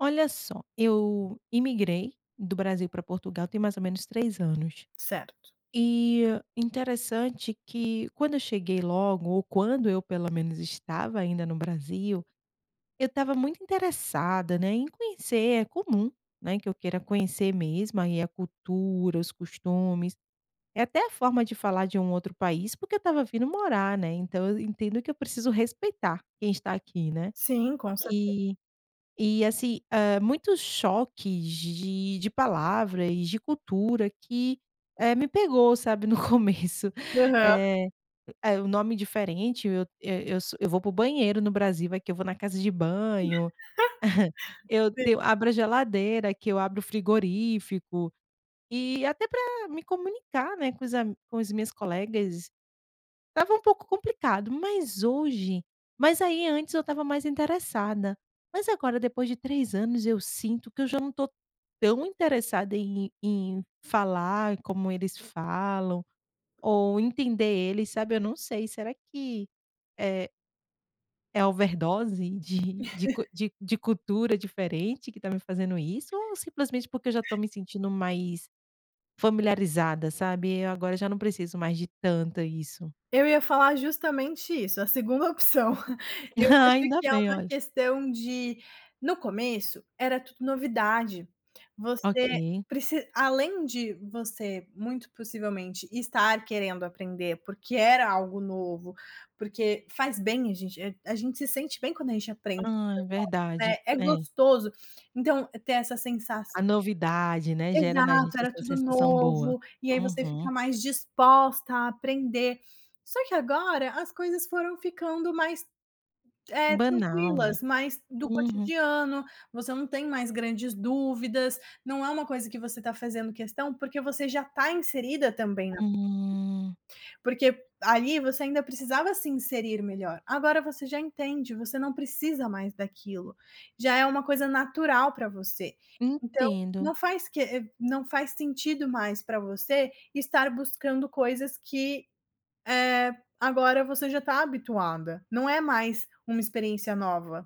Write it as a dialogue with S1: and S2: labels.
S1: Olha só, eu imigrei do Brasil pra Portugal tem mais ou menos 3 anos.
S2: Certo.
S1: E interessante que quando eu cheguei logo, ou quando eu pelo menos estava ainda no Brasil, eu estava muito interessada, né, em conhecer. É comum, né, que eu queira conhecer mesmo aí a cultura, os costumes, é até a forma de falar de um outro país, porque eu estava vindo morar, né, então eu entendo que eu preciso respeitar quem está aqui, né?
S2: Sim, com certe
S1: E e assi hã, muitos choques de de palavra e de cultura que, eh, me pegou, sabe, no começo.
S2: Aham.
S1: Eh, é o nome diferente, eu eu eu vou para o banheiro no Brasil, aqui eu vou na casa de banho, eu te eu
S2: Sim.
S1: abro a geladeira, aqui eu abro o frigorífico, e até pra me comunicar, né, com os am com as minhas colegas, estava um pouco complicado, mas hoje mas aí antes eu estava mais interessada. Mas agora, depois de 3 anos eu sinto que eu já não tô tão interessada em em falar como eles falam ou entender eles, sabe? Eu não sei, será que, eh é overdose de de cu de de cultura diferente que tá me fazendo isso, ou simplesmente porque eu já tô me sentindo mais familiarizada, sabe? E eu agora já não preciso mais de tanto isso.
S2: Eu ia falar justamente isso, a segunda opção, eu
S1: Hã.
S2: acho
S1: Ainda
S2: que é
S1: bem,
S2: uma
S1: olha.
S2: questão de no começo era tudo novidade, você
S1: Okay.
S2: preci além de você muito possivelmente estar querendo aprender, porque era algo novo, porque faz bem a gen a gente se sente bem quando a gente aprende coisas
S1: Hã,
S2: novas,
S1: verdade,
S2: né, é
S1: é.
S2: gostoso! Então ter essa sensa
S1: A novidade, né, gera na gente
S2: Exato, era
S1: essa
S2: tudo
S1: sensação boa.
S2: novo, e aí você
S1: Uhum.
S2: fica mais disposta a aprender, só que agora as coisas foram ficando mais, eh,
S1: Banal, né,
S2: tranquilas, mais do
S1: uhum.
S2: cotidiano, você não tem mais grandes dúvidas, não é uma coisa que você tá fazendo questão, porque você já tá inserida também na
S1: Hum.
S2: Porque ali você ainda precisava se inserir melhor, agora você já entende, você não precisa mais daquilo, já é uma coisa natural pra você, então
S1: Entendo.
S2: não faz que não faz sentido mais pra você estar buscando coisas que, eh, agora você já tá habituada, não é mais uma experiência nova.